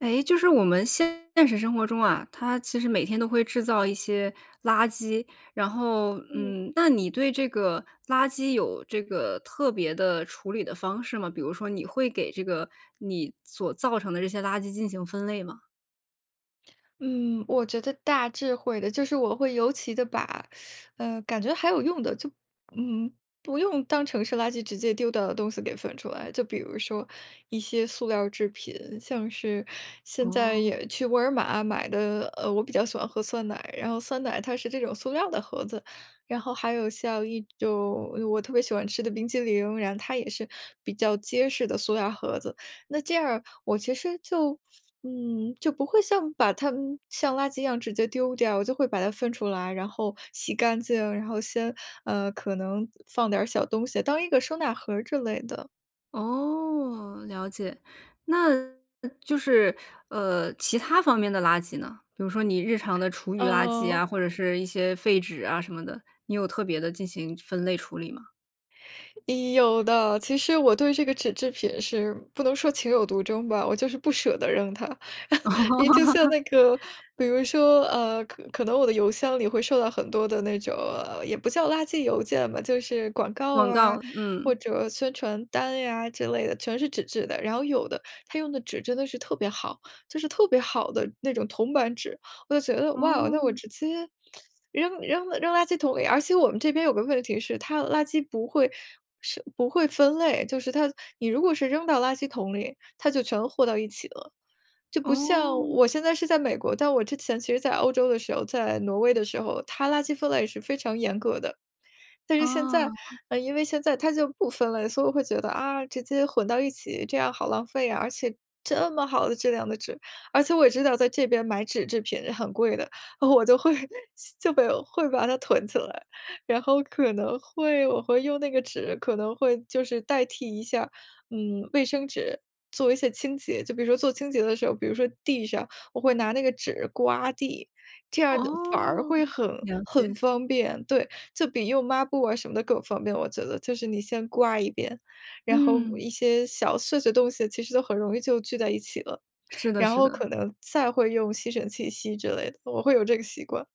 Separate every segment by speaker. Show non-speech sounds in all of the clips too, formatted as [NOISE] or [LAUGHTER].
Speaker 1: 诶，就是我们现实生活中啊，它其实每天都会制造一些垃圾，然后，
Speaker 2: 嗯。
Speaker 1: 嗯，那你对这个垃圾有这个特别的处理的方式吗？比如说你会给这个，你所造成的这些垃圾进行分类吗？
Speaker 2: 嗯，我觉得大致会的，就是我会尤其地把，[SUCKS TEETH] 呃，感觉还有用的，就，嗯，不用当成是垃圾直接丢掉的东西给分出来。就比如说一些塑料儿制品，像是现在
Speaker 1: 哦。
Speaker 2: 也去沃尔玛买的呃，我比较喜欢喝酸奶，然后酸奶它是这种塑料儿的盒子。然后还有像一种，哎哟，我特别喜欢吃的冰淇淋，然后它也是比较结实的塑料盒子。那这样儿，我其实就，嗯，就不会像，把它，嗯，像垃圾一样直接丢掉，我就会把它分出来，然后洗干净，然后先，呃，可能放点儿小东西，当一个收纳盒儿之类的。
Speaker 1: 哦，了解。那就是，呃，其它方面的垃圾呢？比如说你日常的厨余垃圾
Speaker 2: 嗯。
Speaker 1: 啊，或者是一些废纸啊，什么的，你有特别地进行分类处理吗？
Speaker 2: 有的，其实我对这个纸制品是不能说情有独钟吧，我就是不舍得扔它。[CHUCKLES] 你就像那个
Speaker 1: [LAUGHS]
Speaker 2: 比如说，呃，可可能我的邮箱里会收到很多的那种呃，也不叫垃圾邮件吧，就是广告
Speaker 1: 广
Speaker 2: 啊，
Speaker 1: 告，
Speaker 2: 或
Speaker 1: 嗯。
Speaker 2: 者宣传单呀之类的，全是纸质的，然后有的它用的纸真得是特别好，就是特别好的那种铜板纸。我就觉得哇，那我
Speaker 1: 哦。
Speaker 2: 直接 [SUCKS TEETH] 扔扔扔垃圾桶里，而且我们这边有个问题是它的垃圾不会是不会分类，就是它你如果是扔到垃圾桶里，它就全和到一起了。就不像
Speaker 1: 哦。
Speaker 2: 我现在是在美国，但我之前其实在欧洲的时候，在挪威的时候，它垃圾分类是非常严格的。但是现在，
Speaker 1: 哦。
Speaker 2: 呃，因为现在它就不分类，所以我会觉得，啊，直接混到一起，这样好浪费啊，而且这么好的质量的纸。而且我也知道在这边买纸制品很贵的，我就会就被有，会把它囤起来，然后可能会我会用那个纸可能会就是代替一下，嗯，卫生纸做一些清洁。就比如说做清洁的时候，比如说地上我会拿那个纸刮地，这样反而
Speaker 1: 哦，
Speaker 2: 会很
Speaker 1: 了解。
Speaker 2: 很方便。对，就比用抹布啊什么的更方便，我觉得就是你先刮一遍，然后
Speaker 1: 嗯。
Speaker 2: 一些小碎碎东西其实都很容易就聚在一起了，
Speaker 1: 是的
Speaker 2: 然
Speaker 1: 是
Speaker 2: 后
Speaker 1: 的。
Speaker 2: 可能再会用吸尘器吸之类的，我会有这个习惯。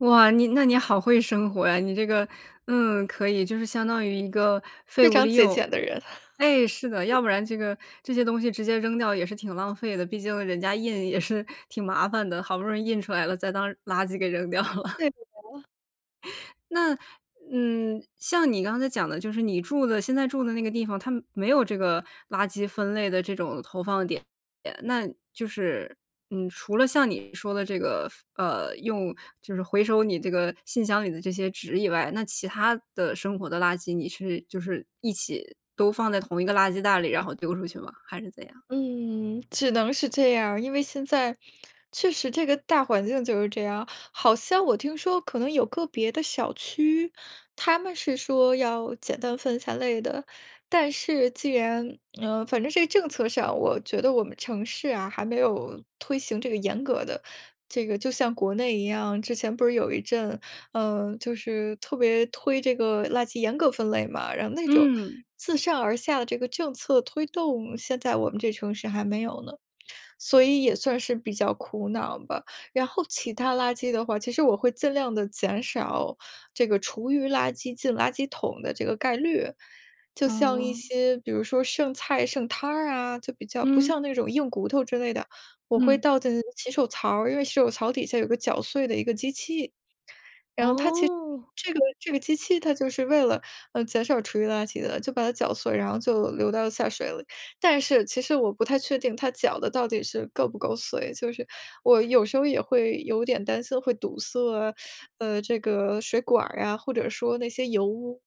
Speaker 1: 哇，你那你好会生活呀。你这个，嗯，可以，就是相当于一个废
Speaker 2: 非
Speaker 1: 物
Speaker 2: 常
Speaker 1: 利
Speaker 2: 节
Speaker 1: 用。
Speaker 2: 俭的人。
Speaker 1: 诶，是的，
Speaker 2: [CHUCKLES]
Speaker 1: 要不然这个这些东西直接扔掉也是挺浪费的，毕竟人家印也是挺麻烦的，好不容易印出来了再当垃圾给扔掉了。
Speaker 2: 对的呀。
Speaker 1: [LAUGHS] 那，嗯，像你刚才讲的就是你住的现在住的那个地方，它没有这个垃圾分类的这种投放点，那就是，嗯，除了像你说的这个分呃，用就是回收你这个信箱里的这些纸以外，那其它的生活的垃圾你是就是一起都放在同一个垃圾袋里，然后丢出去吗？还是怎样？
Speaker 2: 嗯，只能是这样儿。因为现在，确实这个大环境就是这样。好像我听说可能有个别的小区，它们是说要简单分三类的，但是既然呃，反正这个政策上，我觉得我们城市啊，还没有推行这个严格的这个就像国内一样，之前不是有一阵，呃，就是特别推这个垃圾严格分类嘛，然后那种
Speaker 1: 嗯。
Speaker 2: 自上而下的这个政策推动，现在我们这城市还没有呢，所以也算是比较苦恼吧。然后其它垃圾的话，其实我会尽量地减少这个厨余垃圾进垃圾桶的这个概率，就像一
Speaker 1: 嗯。
Speaker 2: 些比如说剩菜剩汤儿啊，就比较不
Speaker 1: 嗯。
Speaker 2: 像那种硬骨头之类的，我会
Speaker 1: 嗯。
Speaker 2: 倒在那个洗手槽儿，因为洗手槽底下有个绞碎的一个机器，然后它其实
Speaker 1: 哦。
Speaker 2: 这个这个机器它就是为了，呃，减少厨余垃圾的，就把它搅碎，然后就流到了下水里。但是其实我不太确定它搅得到底是够不够碎，就是我有时候也会有点担心会堵塞啊 [SUCKS TEETH] 呃，这个水管儿呀，或者说那些油污，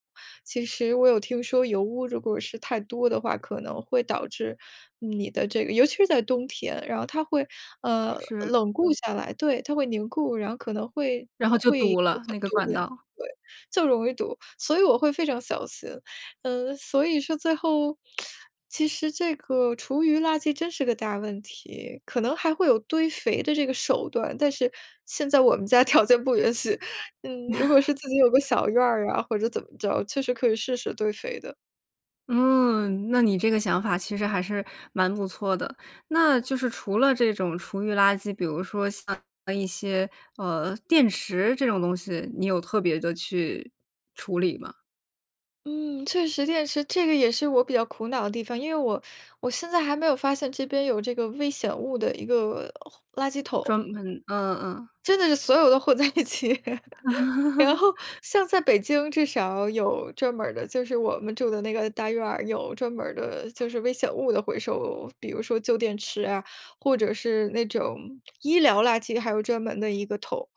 Speaker 2: 其实我有听说油污如果是太多的话，可能会导致你的这个尤其是在冬天，然后它会，呃，
Speaker 1: 是。
Speaker 2: 冷固下来，对，它会凝固，然后可能会
Speaker 1: 然后就
Speaker 2: 会有
Speaker 1: 堵了，
Speaker 2: 很
Speaker 1: 那个
Speaker 2: 多
Speaker 1: 管
Speaker 2: 问题
Speaker 1: 道。
Speaker 2: 对，就容易堵，所以我会非常小心。呃，所以说最后，[SMACKS LIPS] 其实这个厨余垃圾真是个大问题，可能还会有堆肥的这个手段，但是现在我们家条件不允许，嗯，如果是自己有个
Speaker 1: [LAUGHS]
Speaker 2: 小院儿啊或者怎么着，确实可以试试堆肥的。
Speaker 1: 嗯，那你这个想法，其实还是蛮不错的。那就是除了这种厨余垃圾，比如说像一些，呃，电池这种东西，你有特别地去处理吗？
Speaker 2: 嗯，确实电池，这个也是我比较苦恼的地方。因为我我现在还没有发现这边有这个危险物的一个，回垃圾
Speaker 1: 专
Speaker 2: 桶。
Speaker 1: 门嗯嗯嗯。
Speaker 2: 真的是所有都混在一起，[LAUGHS] 然后，
Speaker 1: [LAUGHS]
Speaker 2: 像在北京至少有专门儿的就是我们住的那个大院儿，有专门儿的，就是危险物的回收，比如说旧电池啊，或者是那种医疗垃圾还有专门的一个桶。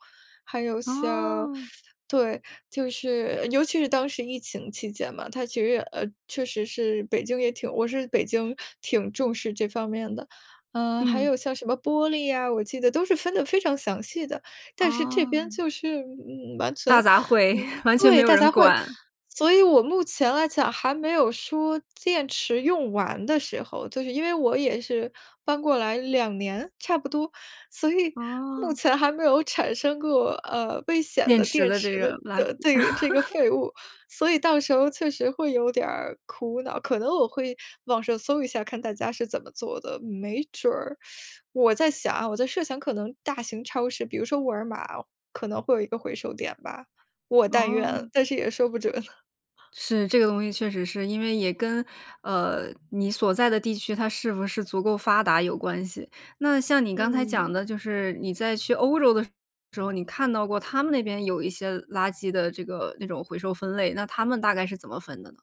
Speaker 2: 还有像，
Speaker 1: 哦。
Speaker 2: [SUCKS TEETH] 对，就是，尤其是当时疫情期间嘛，它其实也呃，确实是北京也挺我是北京挺重视这方面的。呃，还
Speaker 1: 嗯。
Speaker 2: 有像什么玻璃呀，我记得都是分得非常详细的。但是这边，
Speaker 1: 啊。
Speaker 2: 就是，嗯，完全，
Speaker 1: 大杂烩，
Speaker 2: 嗯
Speaker 1: [CHUCKLES] 完全没
Speaker 2: 对，
Speaker 1: 有
Speaker 2: 大
Speaker 1: 人
Speaker 2: 家会
Speaker 1: 管。
Speaker 2: 所以我目前来讲，还没有说电池用完的时候。就是因为我也是搬过来2年差不多，所以目
Speaker 1: 啊。
Speaker 2: 前还没有产生过，呃，危险
Speaker 1: 电
Speaker 2: 的
Speaker 1: 池
Speaker 2: 电
Speaker 1: 的这
Speaker 2: 池的
Speaker 1: 个垃圾。
Speaker 2: 的对，这个
Speaker 1: [LAUGHS]
Speaker 2: 废物，所以到时候确实会有点儿苦恼。可能我会网上搜一下儿，看大家是怎么做的，没准儿，[SUCKS TEETH] 我在想啊，我在设想可能大型超市，比如说沃尔玛可能会有一个回收点吧，我但愿，
Speaker 1: 哦。
Speaker 2: 但是也说不准。[CHUCKLES]
Speaker 1: 是。这个东西确实是，因为也跟，呃，你所在的地区它是不是足够发达有关系。那像你刚才讲的
Speaker 2: 嗯。
Speaker 1: 就是，你在去欧洲的时候，你看到过他们那边有一些垃圾的这个，那种回收分类，那他们大概是怎么分的呢？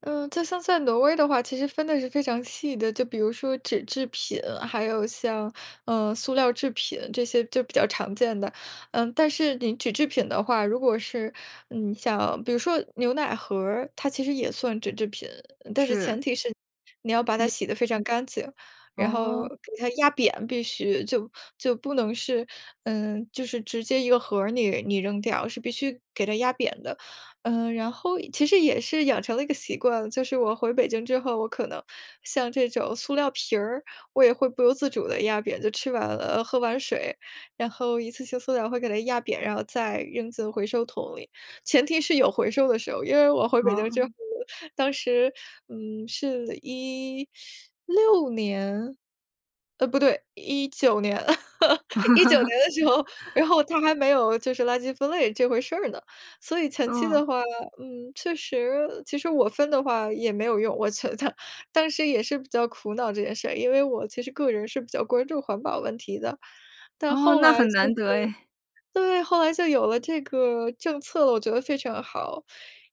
Speaker 2: 呃，就像在挪威的话，其实分得是非常细的。就比如说纸制品，还有像，呃，塑料制品这些就比较常见的。呃，但是你纸制品的话，如果是，嗯，像比如说牛奶盒儿，它其实也算纸制品。但是前
Speaker 1: 是。
Speaker 2: 提是你要把它
Speaker 1: 你
Speaker 2: 洗得非常干净，然后
Speaker 1: 哦。
Speaker 2: 给它压扁必须，就就不能是呃，就是直接一个盒儿你你扔掉，是必须给它压扁的。呃，然后其实也是养成了一个习惯，就是我回北京之后，我可能像这种塑料瓶儿，我也会不由自主地压扁。就吃完了呃，喝完水，然后一次性塑料会给它压扁然后再扔进回收桶里，前提是有回收的时候。因为我回北京之后，
Speaker 1: 哦。
Speaker 2: 当时，嗯，是16年，呃，不对，19年 [LAUGHS] 19年的时候，然
Speaker 1: [LAUGHS]
Speaker 2: 后它还没有就是垃圾分类这回事儿呢。所以前期
Speaker 1: 哦。
Speaker 2: 的话，嗯，确实其实我分的话也没有用，我觉得，当时也是比较苦恼这件事儿。因为我其实个人是比较关注环保问题的，但
Speaker 1: 哦，
Speaker 2: 后
Speaker 1: 那
Speaker 2: 来就
Speaker 1: 很难
Speaker 2: 是
Speaker 1: 得诶。
Speaker 2: 对，后来就有了这个政策了，我觉得非常好。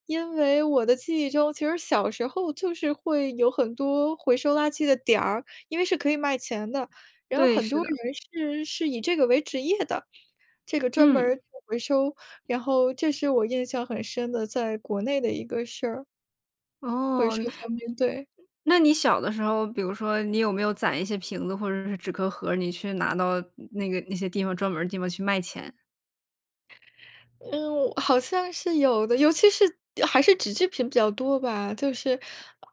Speaker 2: 因为我的记忆中，其实小时候就是会有很多回收垃圾的点儿，因为是可以卖钱的。然后
Speaker 1: 对，
Speaker 2: 很
Speaker 1: 是
Speaker 2: 多
Speaker 1: 的。
Speaker 2: 人是是以这个为职业的，这个专门儿
Speaker 1: 嗯。
Speaker 2: 做回收，然后这是我印象很深的在国内的一个事儿。回
Speaker 1: 哦，
Speaker 2: 收方便，对。
Speaker 1: 那你小的时候，比如说你有没有攒一些瓶子或者是纸壳盒儿，你去拿到那个那些地方专门儿的地方去卖钱？
Speaker 2: 嗯，好像是有的，尤其是还是纸质品比较多吧。就是，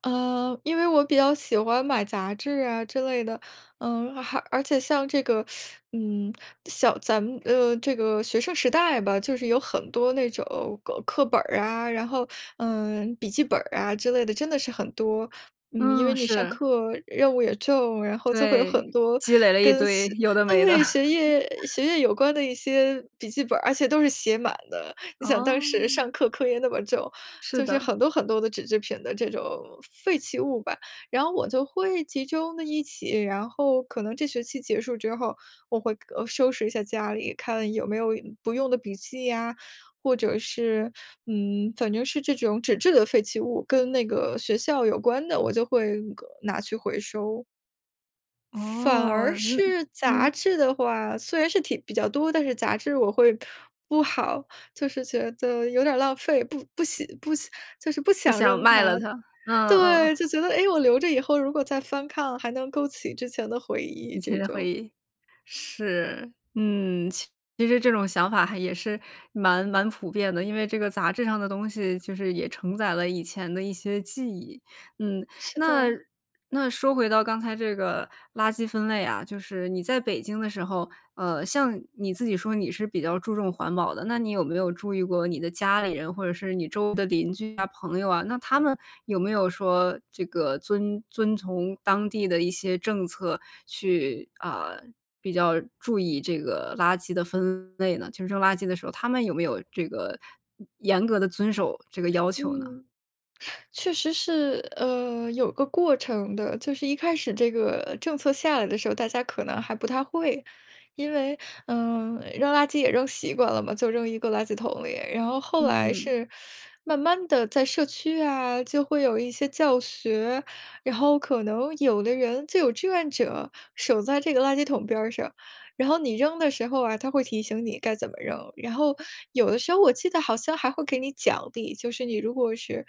Speaker 2: 呃，因为我比较喜欢买杂志啊之类的。嗯，而而且像这个，[SUCKS TEETH] 嗯，小咱们，呃，这个学生时代吧，就是有很多那种，够课本儿啊，然后，呃，笔记本儿啊之类的，真的是很多。嗯，因为
Speaker 1: 嗯，
Speaker 2: 你上
Speaker 1: 是。
Speaker 2: 课，任务也重，然后就会有
Speaker 1: 对，
Speaker 2: 很多
Speaker 1: 积累了一
Speaker 2: 跟
Speaker 1: 堆，
Speaker 2: 学
Speaker 1: 有的没的。
Speaker 2: 对，
Speaker 1: [CHUCKLES]
Speaker 2: 学业学业有关的一些笔记本儿，而且都是写满的。你想当时
Speaker 1: 哦。
Speaker 2: 上课课业那么重，
Speaker 1: 是
Speaker 2: 就是
Speaker 1: 的。
Speaker 2: 很多很多的纸制品的这种，废弃物吧。然后我就会集中的一起，然后可能这学期结束之后，我会，呃，收拾一下家里，看有没有不用的笔记呀，或者是，嗯，反正是这种纸质的废弃物，跟那个学校有关的，我就会那个拿去回收。反而
Speaker 1: 哦，嗯
Speaker 2: 是杂
Speaker 1: 嗯。
Speaker 2: 志的话，虽然是挺比较多，但是杂志我会不好，就是觉得有点儿浪费。不不喜不，就是不
Speaker 1: 不
Speaker 2: 想
Speaker 1: 想
Speaker 2: 扔
Speaker 1: 卖了
Speaker 2: 它。
Speaker 1: 它，嗯嗯
Speaker 2: 对，
Speaker 1: 嗯。
Speaker 2: 就觉得，哎，我留着以后如果再翻看，还能勾起之前的回忆
Speaker 1: 以前
Speaker 2: 这
Speaker 1: 的回
Speaker 2: 种。
Speaker 1: 忆，是，嗯。其实这种想法还也是蛮蛮普遍的，因为这个杂志上的东西，就是也承载了以前的一些记忆，嗯。
Speaker 2: 是
Speaker 1: 那
Speaker 2: 的。
Speaker 1: 那说回到刚才这个垃圾分类啊，就是你在北京的时候，呃，像你自己说你是比较注重环保的，那你有没有注意过你的家里人，或者是你周围的邻居啊、朋友啊，那他们有没有说，这个遵遵从当地的一些政策去，啊，比较注意这个垃圾的分类呢？就扔垃圾的时候，他们有没有这个，严格地遵守这个要求呢？
Speaker 2: 嗯，确实是，呃，有个过程的。就是一开始这个政策下来的时候，大家可能还不太会。因为，嗯，扔垃圾也扔习惯了嘛，就扔一个垃圾桶里。然后后来
Speaker 1: 嗯。
Speaker 2: 是慢慢地在社区啊，就会有一些教学，然后可能有的人，就有志愿者守在这个垃圾桶边儿上，然后你扔的时候啊，他会提醒你该怎么扔。然后有的时候我记得好像还会给你奖励，就是你如果是，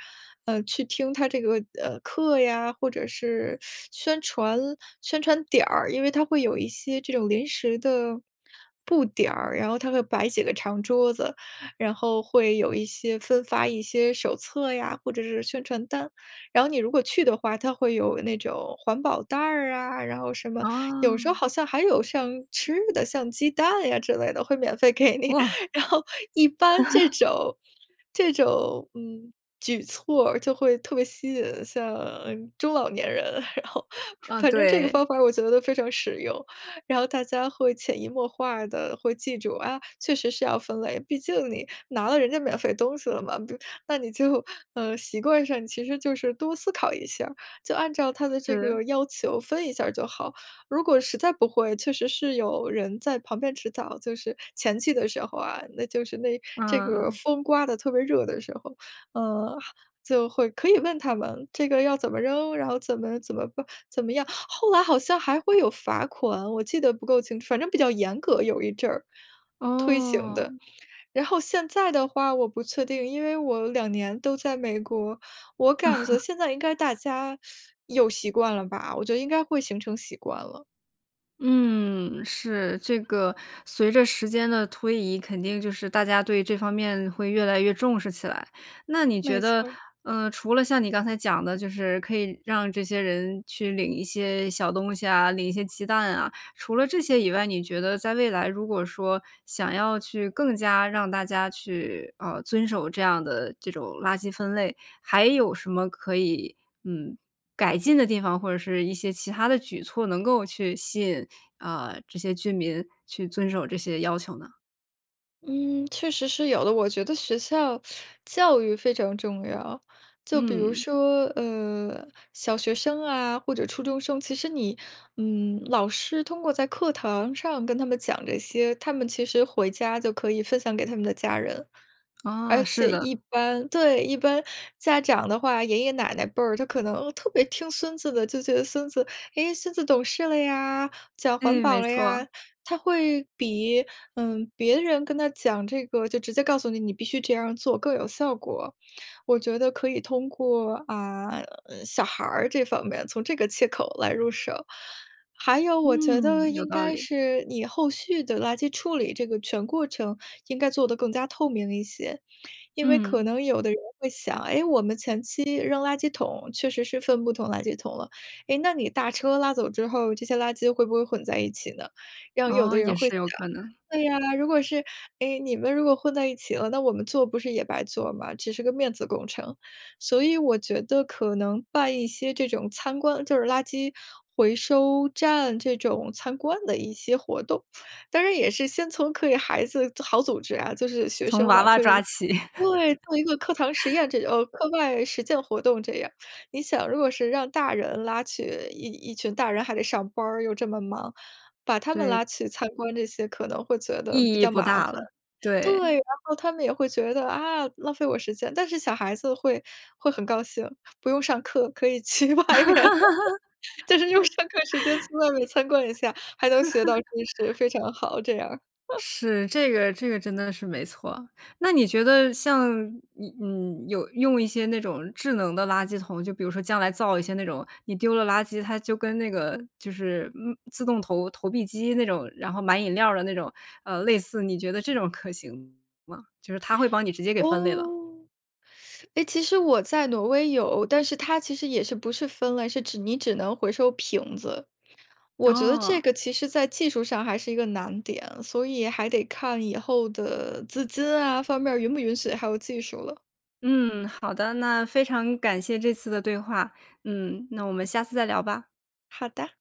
Speaker 2: 呃，去听他这个，呃，课呀，或者是宣传宣传点儿，因为它会有一些这种临时的布点儿，然后它会摆几个长桌子，然后会有一些分发一些手册呀，或者是宣传单。然后你如果去的话，它会有那种环保袋儿啊，然后什么，有时候
Speaker 1: 哦。
Speaker 2: 好像还有像吃的，像鸡蛋呀之类的，会免费给你。
Speaker 1: 哇。
Speaker 2: 然后一般这
Speaker 1: [LAUGHS]
Speaker 2: 种这种，嗯，举措儿，就会特别吸引像中老年人，然后
Speaker 1: 嗯，
Speaker 2: 反正这个
Speaker 1: 对。
Speaker 2: 方法儿我觉得非常实用。然后大家会潜移默化地会记住，啊，确实是要分类，毕竟你拿了人家免费东西了嘛，不，那你就，呃，习惯上其实就是多思考一下儿，就按照它的这
Speaker 1: 是。
Speaker 2: 个要求，分一下儿就好。如果实在不会，确实是有人在旁边指导，就是前期的时候啊，那就是那这
Speaker 1: 嗯
Speaker 2: 个
Speaker 1: 嗯。
Speaker 2: 风刮得特别热的时候。呃，就会可以问他们这个要怎么扔，然后怎么怎么办怎么样，后来好像还会有罚款，我记得不够清，反正比较严格，有一阵儿，推行的。
Speaker 1: 哦。
Speaker 2: 然后现在的话我不确定，因为我2年都在美国，我感觉现在应该大
Speaker 1: [CHUCKLES]
Speaker 2: 家 [SUCKS TEETH] 有习惯了吧，我觉得应该会形成习惯了。
Speaker 1: 嗯，是。这个随着时间的推移，肯定就是大家对这方面会越来越重视起来。那你觉
Speaker 2: 没错
Speaker 1: 得，
Speaker 2: 儿。
Speaker 1: 呃，除了像你刚才讲的，就是可以让这些人去领一些小东西啊、领一些鸡蛋啊。除了这些以外，你觉得在未来，如果说想要去更加让大家去，呃，遵守这样的这种垃圾分类，还有什么可以，嗯，改进的地方？或者是一些其它的举措，能够去吸引，啊，这些居民去遵守这些要求呢？
Speaker 2: 嗯，确实是有的。我觉得学校 [SUCKS TEETH] 教育非常重要。就比如
Speaker 1: 嗯。
Speaker 2: 说，呃，小学生啊或者初中生，其实你，嗯，老师通过在课堂上跟他们讲这些，他们其实回家就可以分享给他们的家人。而
Speaker 1: 啊，是
Speaker 2: 且
Speaker 1: 的。
Speaker 2: 一般对，一般家长的话，爷爷奶奶辈儿就可能特别听孙子的，就觉得：“孙子，诶，孙子懂事了呀，讲环
Speaker 1: 诶，
Speaker 2: 保
Speaker 1: 没
Speaker 2: 了
Speaker 1: 错。
Speaker 2: 呀。”他会比，嗯，别人跟他讲这个就直接告诉你，你必须这样儿做更有效果。我觉得可以通过，啊呃，小孩儿这方面，从这个切口来入手。还有我觉得
Speaker 1: 嗯，有
Speaker 2: 应
Speaker 1: 道
Speaker 2: 该
Speaker 1: 理。
Speaker 2: 是你后续的垃圾处理这个全过程，应该做得更加透明一些。因为可
Speaker 1: 嗯。
Speaker 2: 能有的人会想：“诶，我们前期扔垃圾桶确实是分不同垃圾桶了，诶，那你大车拉走之后，这些垃圾会不会混在一起呢？“然后有的
Speaker 1: 哦，
Speaker 2: 人
Speaker 1: 也
Speaker 2: 会
Speaker 1: 是
Speaker 2: 想
Speaker 1: 有可能。
Speaker 2: 对啊，如果是，诶，你们如果混在一起了，那我们做不是也白做吗？只是个面子工程。所以我觉得可能办一些这种参观就是垃圾回收站这种参观的一些活动，当然也是先从可以孩子组好组织啊，就是学
Speaker 1: 从
Speaker 2: 生
Speaker 1: 娃
Speaker 2: 嘛，
Speaker 1: 娃
Speaker 2: 可以
Speaker 1: 抓起。
Speaker 2: 对，做一个课堂实
Speaker 1: [LAUGHS]
Speaker 2: 验这种课外实践活动这样。你想，如果是让大人拉起一一群大人还得上班儿，又这么忙，把他们拉
Speaker 1: 对。
Speaker 2: 去参观，这些可能会觉得比
Speaker 1: 意义
Speaker 2: 较
Speaker 1: 不
Speaker 2: 麻烦。
Speaker 1: 大了，
Speaker 2: 对，
Speaker 1: 对。
Speaker 2: 然后他们也会觉得：“啊，浪费我时间。”但是小孩子会会很高兴，不用上课可以去外面，[GIGGLES] 就是用上课时间去外面参观一下，还能学到知识，非
Speaker 1: [LAUGHS]
Speaker 2: 常好，这样儿。[LAUGHS]
Speaker 1: 是，这个这个真的是没错。那你觉得像一嗯，有用一些那种智能的垃圾桶，就比如说将来造一些那种你丢了垃圾，它就跟那个就是，嗯自动投投币机那种，然后买饮料的那种，呃，类似你觉得这种可行吗？就是它会帮你直接给分类了。
Speaker 2: 哦。[SUCKS TEETH] 诶，其实我在挪威有，但是它其实也是，不是分类，是指你只能回收瓶子。我觉得这
Speaker 1: 哦。
Speaker 2: 个其实在技术上还是一个难点，所以还得看以后的资金啊方面儿允不允许，还有技术了。
Speaker 1: 嗯，好的。那非常感谢这次的对话。嗯，那我们下次再聊吧。
Speaker 2: 好的。